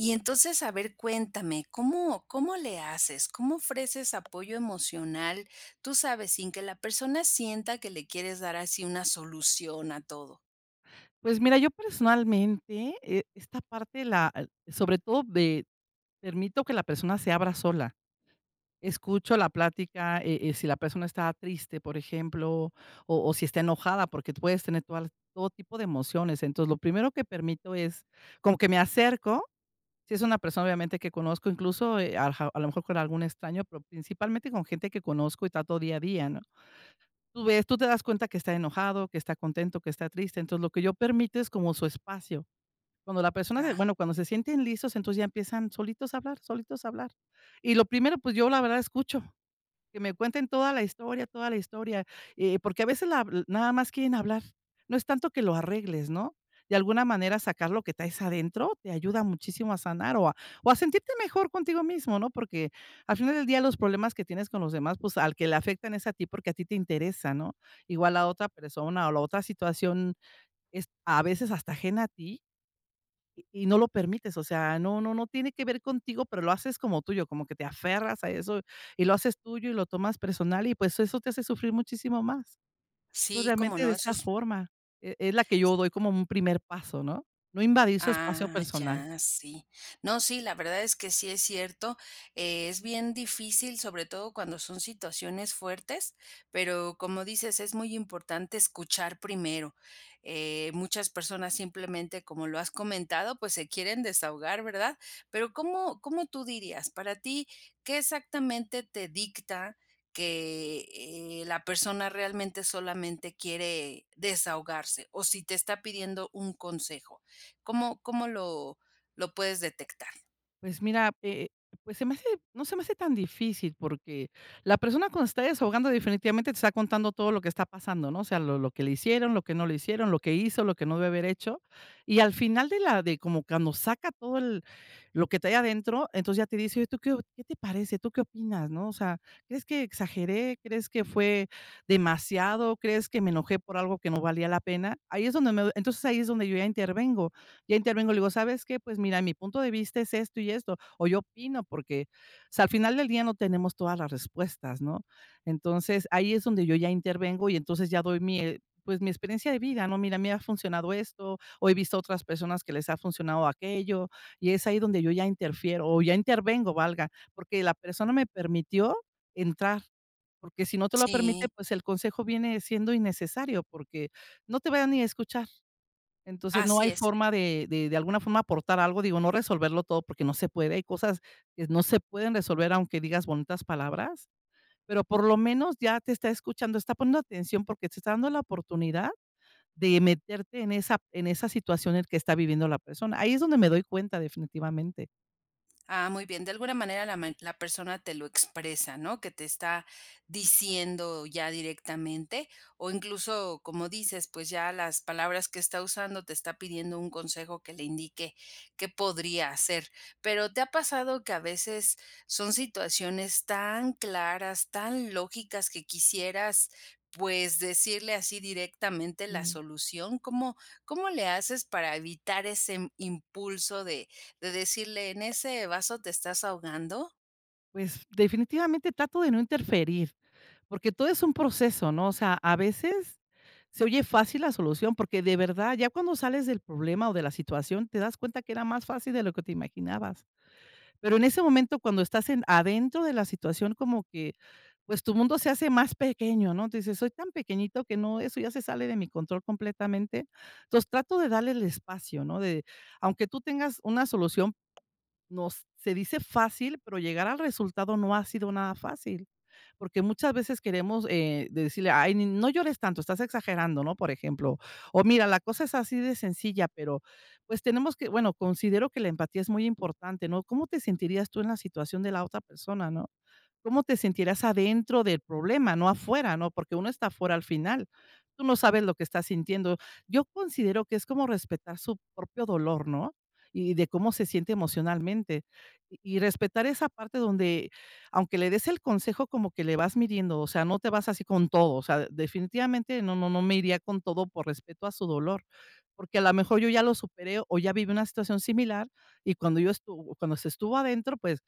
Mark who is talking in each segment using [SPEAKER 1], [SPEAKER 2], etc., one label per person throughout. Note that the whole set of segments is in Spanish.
[SPEAKER 1] Y entonces, a ver, cuéntame, ¿cómo cómo le haces?, ¿cómo ofreces apoyo emocional? Tú sabes, sin que la persona sienta que le quieres dar así una solución a todo.
[SPEAKER 2] Pues mira, yo personalmente, eh, esta parte la sobre todo de permito que la persona se abra sola. Escucho la plática, eh eh, si la persona está triste, por ejemplo, o o si está enojada, porque tú puedes tener todas las todo tipo de emociones. Entonces, lo primero que permito es como que me acerco, si es una persona, obviamente, que conozco, incluso, eh ajá, a lo mejor con algún extraño, pero principalmente con gente que conozco y trato día a día, ¿no? Tú ves, tú te das cuenta que está enojado, que está contento, que está triste. Entonces, lo que yo permito es como su espacio. Cuando la persona de
[SPEAKER 1] Ah.
[SPEAKER 2] bueno, cuando se sienten listos, entonces ya empiezan solitos a hablar, solitos a hablar. Y lo primero, pues, yo la verdad escucho. Que me cuenten toda la historia toda la historia, eh, porque a veces la nada más quieren hablar. No es tanto que lo arregles, ¿no? De alguna manera sacar lo que traes adentro, te ayuda muchísimo a sanar o a o a sentirte mejor contigo mismo, ¿no? Porque al final del día los problemas que tienes con los demás, pues, al que le afectan es a ti, porque a ti te interesa, ¿no? Igual a otra persona o la otra situación es a veces hasta ajena a ti, y y no lo permites. O sea, no no no tiene que ver contigo, pero lo haces como tuyo, como que te aferras a eso y lo haces tuyo y lo tomas personal y, pues, eso te hace sufrir muchísimo más. Entonces,
[SPEAKER 1] Sí, ¿cómo
[SPEAKER 2] realmente,
[SPEAKER 1] no?,
[SPEAKER 2] de
[SPEAKER 1] eso
[SPEAKER 2] esta
[SPEAKER 1] es
[SPEAKER 2] forma e es la que yo doy como un primer paso, ¿no? No invadir su espacio
[SPEAKER 1] Ah,
[SPEAKER 2] personal.
[SPEAKER 1] ya, sí. No, sí, la verdad es que sí es cierto, eh, es bien difícil, sobre todo cuando son situaciones fuertes, pero como dices es muy importante escuchar primero. Eh, muchas personas simplemente como lo has comentado pues se quieren desahogar, ¿verdad? Pero, ¿cómo cómo tú dirías?, para ti, ¿qué exactamente te dicta que, eh, la persona realmente solamente quiere desahogarse? O si te está pidiendo un consejo, ¿cómo cómo lo lo puedes detectar?
[SPEAKER 2] Pues, mira, eh, pues, se me hace no se me hace tan difícil, porque la persona cuando se está desahogando definitivamente te está contando todo lo que está pasando, ¿no?, o sea, lo lo que le hicieron, lo que no le hicieron, lo que hizo, lo que no debió haber hecho, y al final de la de como cuando saca todo el lo que trae adentro, entonces, ya te dice: "Oye, ¿y tú qué o qué te parece, tú qué opinas, no?, o sea, ¿crees que exageré? ¿Crees que fue demasiado? ¿Crees que me enojé por algo que no valía la pena?". Ahí es donde me doy entonces, ahí es donde yo ya intervengo, ya intervengo, le digo: "¿Sabes qué?, pues, mira, mi punto de vista es esto y esto, o yo opino", porque, o sea, al final del día no tenemos todas las respuestas, ¿no? Entonces, ahí es donde yo ya intervengo y entonces ya doy mi, eh, pues, mi experiencia de vida, ¿no? "Mira, me ha funcionado esto, o he visto otras personas que les ha funcionado aquello". Y es ahí donde yo ya interfiero o ya intervengo, valga. Porque la persona me permitió entrar. Porque si no te lo permite,
[SPEAKER 1] Sí.
[SPEAKER 2] pues, el consejo viene siendo innecesario, porque no te va ni a escuchar. Entonces, no
[SPEAKER 1] Así
[SPEAKER 2] hay
[SPEAKER 1] es.
[SPEAKER 2] forma de de de alguna forma, aportar algo, digo, no resolverlo todo porque no se puede, hay cosas que no se pueden resolver aunque digas bonitas palabras, pero por lo menos, ya te está escuchando, está poniendo atención porque se está dando la oportunidad de meterte en esa en esa situación en que está viviendo la persona. Ahí es donde me doy cuenta, definitivamente.
[SPEAKER 1] Ah, muy bien, de alguna manera la men la persona te lo expresa, ¿no?, que te está diciendo ya directamente, o incluso, como dices, pues, ya las palabras que está usando te está pidiendo un consejo que le indique, qué podría hacer, pero, ¿te ha pasado que a veces son situaciones tan claras, tan lógicas que quisieras, pues, decirle así directamente la
[SPEAKER 2] Mm.
[SPEAKER 1] solución?, ¿cómo cómo le haces para evitar ese impulso de de decirle: "En ese vaso te estás ahogando"?
[SPEAKER 2] Pues, definitivamente trato de no interferir, porque todo es un proceso, ¿no?, o sea, a veces, se oye fácil la solución, porque de verdad, ya cuando sales del problema o de la situación, te das cuenta que era más fácil de lo que te imaginabas, pero en ese momento, cuando estás en adentro de la situación como que, pues, tu mundo se hace más pequeño, ¿no?, tu dices: "Soy tan pequeñito que no eso ya se sale de mi control completamente", entonces, trato de darle el espacio, ¿no?, de aunque tú tengas una solución, nos se dice fácil, pero llegar al resultado no ha sido nada fácil, porque muchas veces queremos, eh, de decirle: "Ay, ni no llores tanto, estás exagerando", ¿no?, por ejemplo, o: "Mira, la cosa es así de sencilla", pero, pues, tenemos que bueno, considero que la empatía es muy importante, ¿no?, ¿cómo te sentirías tú en la situación de la otra persona?, ¿no?, ¿cómo te sentirías adentro del problema?, no afuera, ¿no?, porque uno está afuera al final, tú no sabes lo que estás sintiendo, yo considero que es como respetar su propio dolor, ¿no?, y de cómo se siente emocionalmente, y y respetar esa parte donde aunque le des el consejo como que le vas midiendo, o sea, no te vas así con todo, o sea, definitivamente no no no me iría con todo por respeto a su dolor, porque, a lo mejor, yo ya lo superé, o ya viví una situación similar, y cuando yo estuvo cuando se estuvo adentro, pues,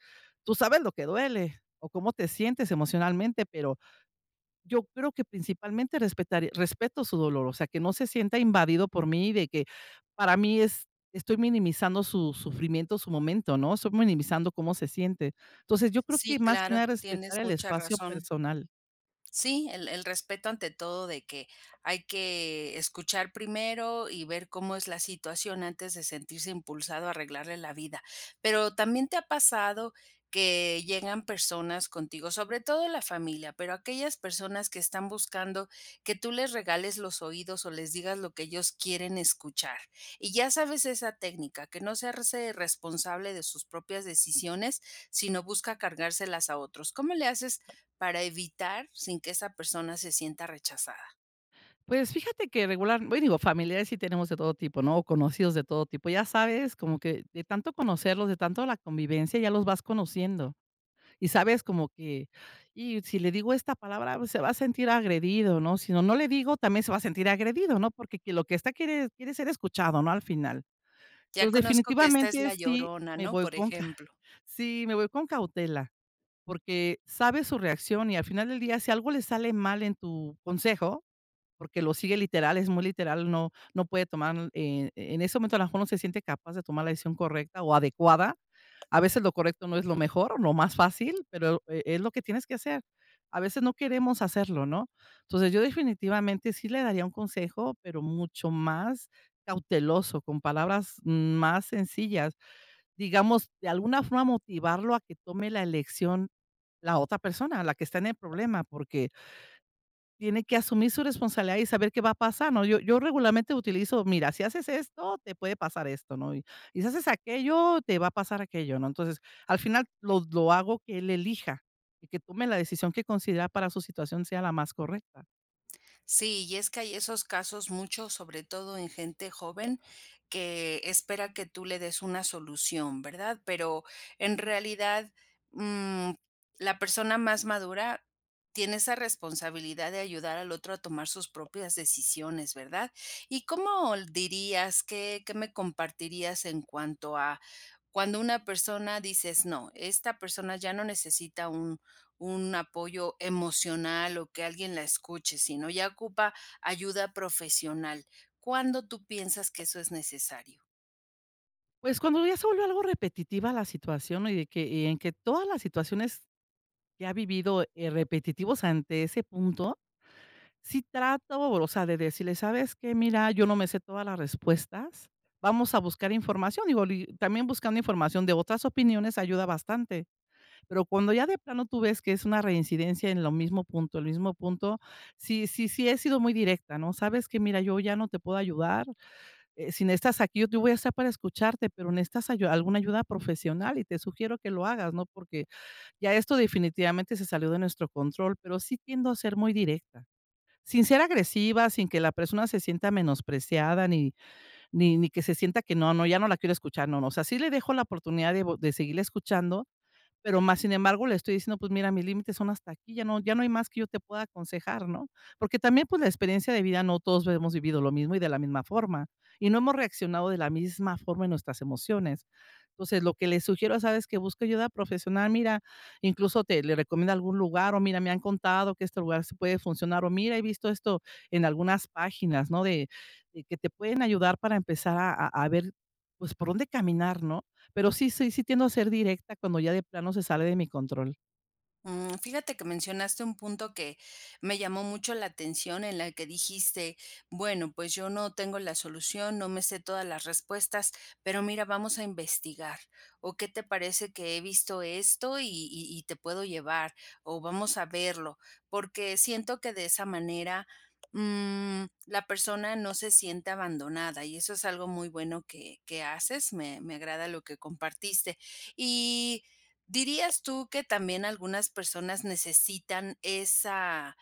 [SPEAKER 2] tú sabes lo que duele, o cómo te sientes emocionalmente, pero yo creo que principalmente respetar respeto su dolor, o sea, que no se sienta invadido por mí, de que para mí es estoy minimizando su sufrimiento, su momento, ¿no?, estoy minimizando cómo se siente, entonces, yo creo
[SPEAKER 1] Sí,
[SPEAKER 2] que más que
[SPEAKER 1] claro,
[SPEAKER 2] nada
[SPEAKER 1] tienes
[SPEAKER 2] respetar el
[SPEAKER 1] mucha
[SPEAKER 2] espacio
[SPEAKER 1] razón.
[SPEAKER 2] personal.
[SPEAKER 1] Sí, el el respeto ante todo, de que hay que escuchar primero y ver cómo es la situación antes de sentirse impulsado a arreglarle la vida, pero, ¿también te ha pasado que llegan personas contigo, sobre todo la familia, pero aquellas personas que están buscando que tú les regales los oídos, o les digas lo que ellos quieren escuchar?, y ya sabes esa técnica, que no hacerse responsable de sus propias decisiones, sino busca cargárselas a otros, ¿cómo le haces para evitar sin que esa persona se sienta rechazada?
[SPEAKER 2] Pues, fíjate que regular bueno, digo, familiares sí tenemos de todo tipo, ¿no?, o conocidos de todo tipo, ya sabes, como que de tanto conocerlos, de tanto la convivencia, ya los vas conociendo, y sabes como que: "Y si le digo esta palabra, se va a sentir agredido", ¿no?, sino no le digo, también se va a sentir agredido, ¿no?, porque que lo que esta quiere quiere ser escuchado, ¿no?, al final,
[SPEAKER 1] "Ya
[SPEAKER 2] entonces,
[SPEAKER 1] conozco que esta es
[SPEAKER 2] definitivamente
[SPEAKER 1] la
[SPEAKER 2] es sí,
[SPEAKER 1] llorona",
[SPEAKER 2] me
[SPEAKER 1] ¿no?,
[SPEAKER 2] voy
[SPEAKER 1] por
[SPEAKER 2] con calma
[SPEAKER 1] ejemplo.
[SPEAKER 2] sí, me voy con cautela, porque sabes su reacción y al final del día, si algo le sale mal en tu consejo, porque lo sigue literal, es muy literal, no no puede tomar, eh, en ese momento, a lo mejor, no se siente capaz de tomar la decisión correcta o adecuada, a veces, lo correcto no es lo mejor o lo más fácil, pero, e es lo que tienes que hacer, a veces, no queremos hacerlo, ¿no?, entonces, yo definitivamente sí le daría un consejo, pero mucho más cauteloso, con palabras más sencillas, digamos, de alguna forma motivarlo a que tome la elección la otra persona, la que está en el problema, porque tiene que asumir su responsabilidad y saber qué va a pasar, ¿no?, yo yo regularmente utilizo: "Mira, si haces esto, te puede pasar esto, ¿no?, y si haces aquello, te va a pasar aquello", ¿no?, entonces, al final lo lo hago que él elija, y que tome la decisión que considera para su situación sea la más correcta.
[SPEAKER 1] Sí, y es que hay esos casos, muchos, sobre todo en gente joven, que espera que tú le des una solución, ¿verdad? Pero en realidad, mm, la persona más madura tiene esa responsabilidad de ayudar al otro a tomar sus propias decisiones, ¿verdad? ¿Y cómo l dirías? ¿Qué qué me compartirías? En cuanto a cuando una persona, dices: "No, esta persona ya no necesita un un apoyo emocional o que alguien la escuche, sino ya ocupa ayuda profesional" ¿Cuándo tú piensas que eso es necesario?
[SPEAKER 2] Pues como eso vuelve algo repetitiva la situación y de que, y en que todas las situaciones que ha vivido, eh, repetitivos ante ese punto, sí trato, o sea, de decirles: "Sabes que mira yo no me sé todas las respuestas, vamos a buscar información", digo, li también buscando información de otras opiniones ayuda bastante. Pero cuando ya de plano tú ves que es una reincidencia en lo mismo punto el mismo punto, sí, sí, sí he sido muy directa, ¿no? Sabes que mira, yo ya no te puedo ayudar, eh, si necesitas aquí, yo te voy a estar para escucharte, pero necesitas ayuda, alguna ayuda profesional y te sugiero que lo hagas, ¿no? Porque ya esto definitivamente se salió de nuestro control, pero sí tiendo a ser muy directa, sin ser agresiva, sin que la persona se sienta menospreciada, ni ni ni que se sienta que no no, ya no la quiero escuchar, no no, o sea, sí le dejo la oportunidad de po de seguirla escuchando, pero, más sin embargo, le estoy diciendo: "Pues, mira, mis límites son hasta aquí, ya no ya no hay más que yo te pueda aconsejar", ¿no? Porque también, pues, la experiencia de vida no todos lo hemos vivido lo mismo, y de la misma forma, y no hemos reaccionado de la misma forma en nuestras emociones. Entonces, lo que le sugiero es: "¿Sabes qué? Busca ayuda profesional". Mira, incluso te le recomiendo algún lugar: "O mira, me han contado que este lugar sí puede funcionar", o "Mira, he visto esto en algunas páginas", ¿no?, de que te pueden ayudar para empezar a a ver pues, por dónde caminar, ¿no? Pero sí, sí, sí tiendo a ser directa cuando ya de plano se sale de mi control.
[SPEAKER 1] Mm, fíjate que mencionaste un punto que me llamó mucho la atención en la que dijiste: "Bueno, pues yo no tengo la solución, no me sé todas las respuestas, pero mira, vamos a investigar, o qué te parece que he visto esto y y y te puedo llevar, o vamos a verlo", porque siento que de esa manera, mm, la persona no se siente abandonada, y eso es algo muy bueno que que haces, me me agrada lo que compartiste, y ¿dirías tú que también algunas personas necesitan esa,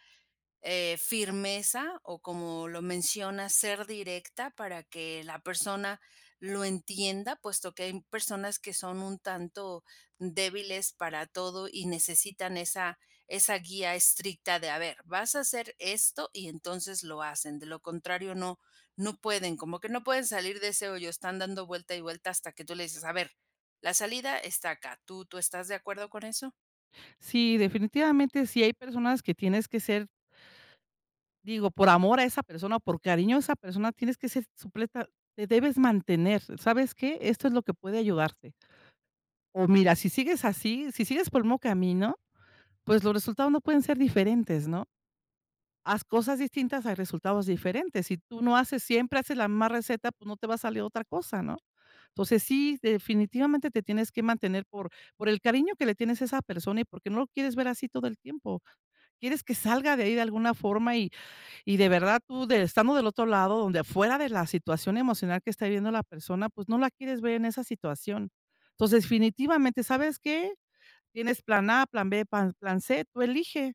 [SPEAKER 1] eh, firmeza? O como lo mencionas ¿ser directa? Para que la persona lo entienda puesto que hay personas que son un tanto débiles para todo y necesitan esa esa guía estricta de: "A ver, vas a hacer esto", y entonces lo hacen, de lo contrario no no pueden, como que no pueden salir de ese hoyo, están dando vuelta y vuelta hasta que tú les dices: "A ver, la salida está acá", ¿tú tú estás de acuerdo con eso?
[SPEAKER 2] Sí, definitivamente si hay personas que tienes que ser digo, por amor a esa persona, o por cariño a esa persona, tienes que ser supleta te debes mantener ¿sabes qué? Esto es lo que puede ayudarte. O mira, si sigues así, si sigues por el mismo camino, pues los resultados no pueden ser diferentes, ¿no?, haz cosas distintas hay resultados diferentes, si tú no haces siempre, haces la misma receta, pues no te va a salir otra cosa, ¿no?, entonces si, definitivamente te tienes que mantener por por el cariño que le tienes a esa persona, y porque no lo quieres ver así todo el tiempo, quieres que salga de ahí de alguna forma, y y de verdad tú, de estando del otro lado, donde afuera de la situación emocional que está viviendo, la persona pues no la quieres ver en esa situación, entonces definitivamente ¿sabes qué? Tienes plan a, plan b, pa plan c, tú elige,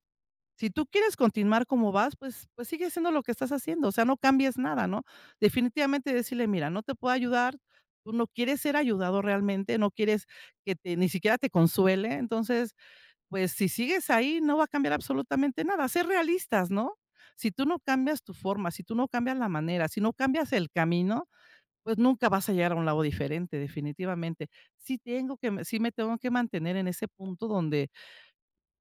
[SPEAKER 2] si tú quieres continuar como vas, pues pues sigue haciendo lo que estás haciendo, o sea no cambies nada, ¿no?, definitivamente decirle: "Mira, no te puedo ayudar, tú no quieres ser ayudado realmente, no quieres que te ni siquiera te consuele, entonces, pues si sigues ahí no va a cambiar absolutamente nada", ser realistas, ¿no?, si tú no cambias tu forma, si tú no cambias la manera, si no cambias el camino, pues nunca vas a llegar a un lado diferente definitivamente, si tengo que si me tengo que mantener en ese punto donde,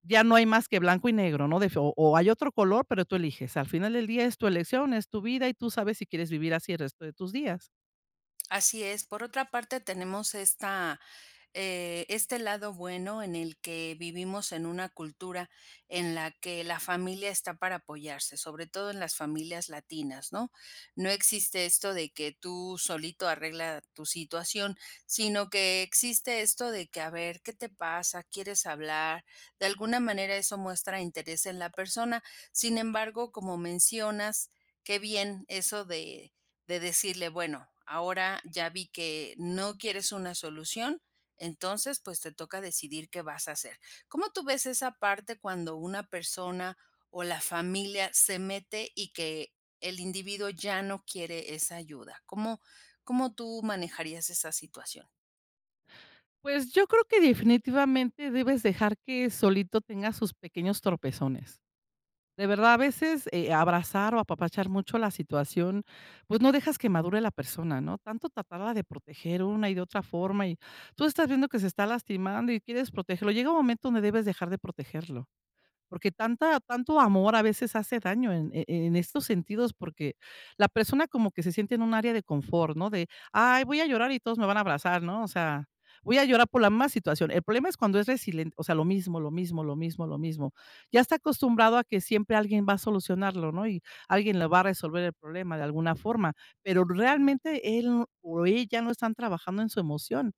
[SPEAKER 2] ya no hay más que blanco y negro, ¿no?, def o o hay otro color, pero tú eliges, al final del día es tu elección, es tu vida y tú sabes si quieres vivir así el resto de tus días.
[SPEAKER 1] Así es. Por otra parte, tenemos esta, eh, este lado bueno en el que vivimos en una cultura en la que la familia está para apoyarse, sobre todo en las familias latinas, ¿no? No existe esto de que tú solito arregla tu situación, sino que existe esto de que a ver, ¿qué te pasa?, ¿quieres hablar? De alguna manera eso muestra interés en la persona. Sin embargo, como mencionas, que bien eso de de decirle: "Bueno, ahora ya vi que no quieres una solución, entonces, pues te toca decidir qué vas a hacer". ¿Cómo tú ves esa parte cuando una persona o la familia se mete y que el individuo ya no quiere esa ayuda? ¿Cómo cómo tú manejarías esa situación?
[SPEAKER 2] Pues, yo creo que definitivamente debes dejar que solito tenga sus pequeños tropezones, de verdad. A veces, eh, abrazar o apapachar mucho la situación, pues, no dejas que madure la persona, ¿no? Tanto tratarla de proteger una y de otra forma, y tú estás viendo que se está lastimando y quieres protegerlo. Llega un momento donde debes dejar de protegerlo, porque tanta tanto amor a veces hace daño en e en estos sentidos, porque la persona como que se siente en un área de confort, ¿no?, de: "Ay, voy a llorar y todos me van a abrazar, ¿no? O sea, voy a llorar por la más situación". El problema es cuando es resilen o sea, lo mismo, lo mismo, lo mismo, lo mismo. Ya está acostumbrado a que siempre alguien va a solucionarlo, ¿no?, y alguien le va a resolver el problema de alguna forma, pero realmente él o ella no están trabajando en su emoción.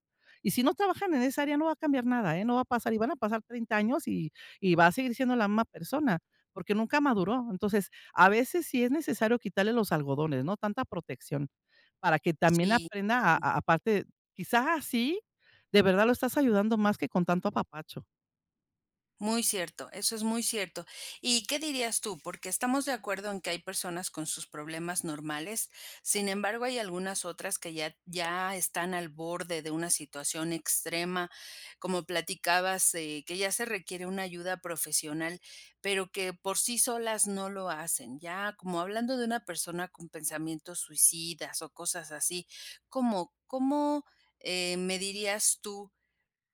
[SPEAKER 2] Y si no trabajan en esa área, no va a cambiar nada, ¿eh?, no va a pasar y van a pasar 30 años, y y va a seguir siendo la misma persona, porque nunca maduró. Entonces, a veces sí es necesario quitarle los algodones, ¿no?, tanta protección, para que también
[SPEAKER 1] Sí,
[SPEAKER 2] aprenda a
[SPEAKER 1] mm.
[SPEAKER 2] a aparte, quizá así, de verdad lo estás ayudando más que con tanto apapacho.
[SPEAKER 1] Muy cierto, eso es muy cierto. ¿Y qué dirías tú?, porque estamos de acuerdo en que hay personas con sus problemas normales, sin embargo, hay algunas otras que ya t ya están al borde de una situación extrema, como platicabas, eh, que ya se requiere una ayuda profesional, pero que por sí solas no lo hacen. Ya como hablando de una persona con pensamientos suicidas o cosas así, ¿cómo cómo, eh, me dirías tú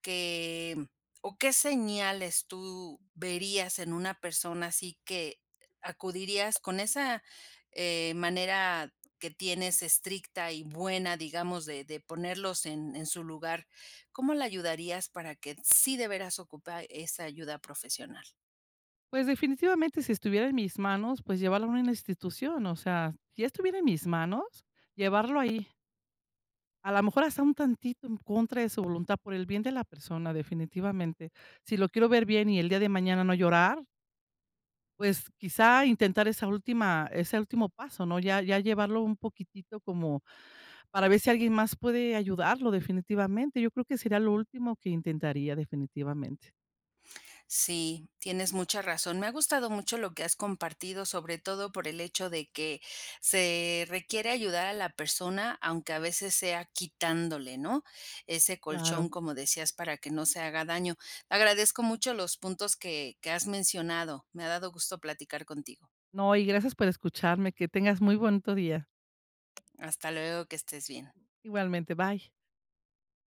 [SPEAKER 1] que, mm, o qué señales tú verías en una persona así que, eh, acudirías con esa, eh, manera que tienes estricta y buena, digamos, de de ponerlos en en su lugar? ¿Cómo la ayudarías para que sí de veras ocupa esa ayuda profesional?
[SPEAKER 2] Pues definitivamente si estuviera en mis manos, pues llevarlo a una institución, o sea, si ya estuviera en mis manos, llevarlo ahí. A la mejor hasta un tantito en contra de su voluntad, por el bien de la persona, definitivamente. Si lo quiero ver bien y el día de mañana no llorar pues, quizá intentar esa última ese último paso, ¿no? Ya ya llevarlo un poquitito como para ver si alguien más puede ayudarlo definitivamente. Yo creo que sería lo último que intentaría, definitivamente.
[SPEAKER 1] Sí, tienes mucha razón. Me ha gustado mucho lo que has compartido, sobre todo por el hecho de que se requiere ayudar a la persona aunque a veces sea quitándole, ¿no?, ese colchón,
[SPEAKER 2] Claro.
[SPEAKER 1] como decías, para que no se haga daño. Agradezco mucho los puntos que que has mencionado. Me ha dado gusto platicar contigo.
[SPEAKER 2] No, y gracias por escucharme, que tengas muy bonito día.
[SPEAKER 1] Hasta luego, que estés bien.
[SPEAKER 2] Igualmente, bye.